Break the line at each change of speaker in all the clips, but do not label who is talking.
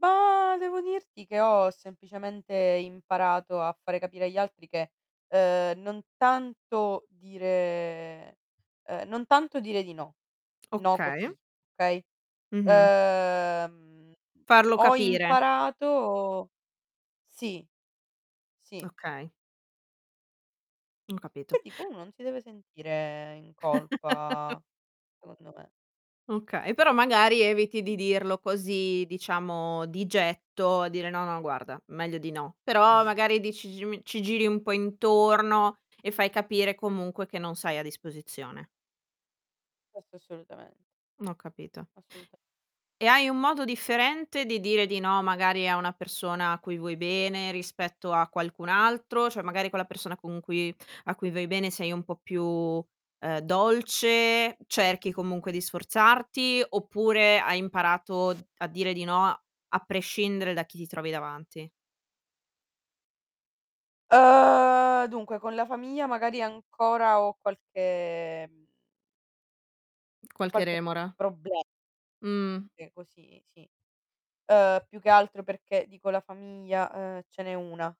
Ba devo dirti che ho semplicemente imparato a fare capire agli altri che, uhm, non tanto dire ehm, non tanto dire di no, no,
Okay.
così, okay.
Mh-mh.
Ehm,
Farlo
ho
capire.
imparato sì. Sì.
Okay. Ho capito.
Che dico, uno non si deve sentire in colpa, secondo me.
Okay, però magari eviti di dirlo così, diciamo, di getto, a dire: "No, no, guarda, meglio di no", però magari dici gi mi ci giri un po' intorno e fai capire comunque che non sei a disposizione.
Questo assolutamen
Mh ho capito.
Assoluta
E hai un modo differente di dire di no, magari a una persona a cui vuoi bene, rispetto a qualcun altro? Cioè, magari quella persona con cui a cui vuoi bene sei un po' più, ehm, dolce, cerchi comunque di sforzarti, oppure hai imparato a dire di no, a prescindere da chi ti trovi davanti?
Uhm, dunque, con la famiglia magari ancora ho qualche mhmm
Qualche
qualche
remora.
proble
Mh.
Sì, così, si. Uhm, più che altro perché, dico la famiglia, uhm, ce n'è 1,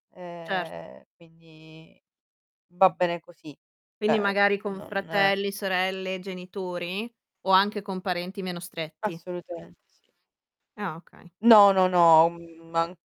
Certo.
ehm, quindi va bene così,
Quindi
cioè
magari con
non
fratelli, sorelle, genitori? O anche con parenti meno stretti?
Assolutamente sì.
Ah, okay.
No, no, no, un man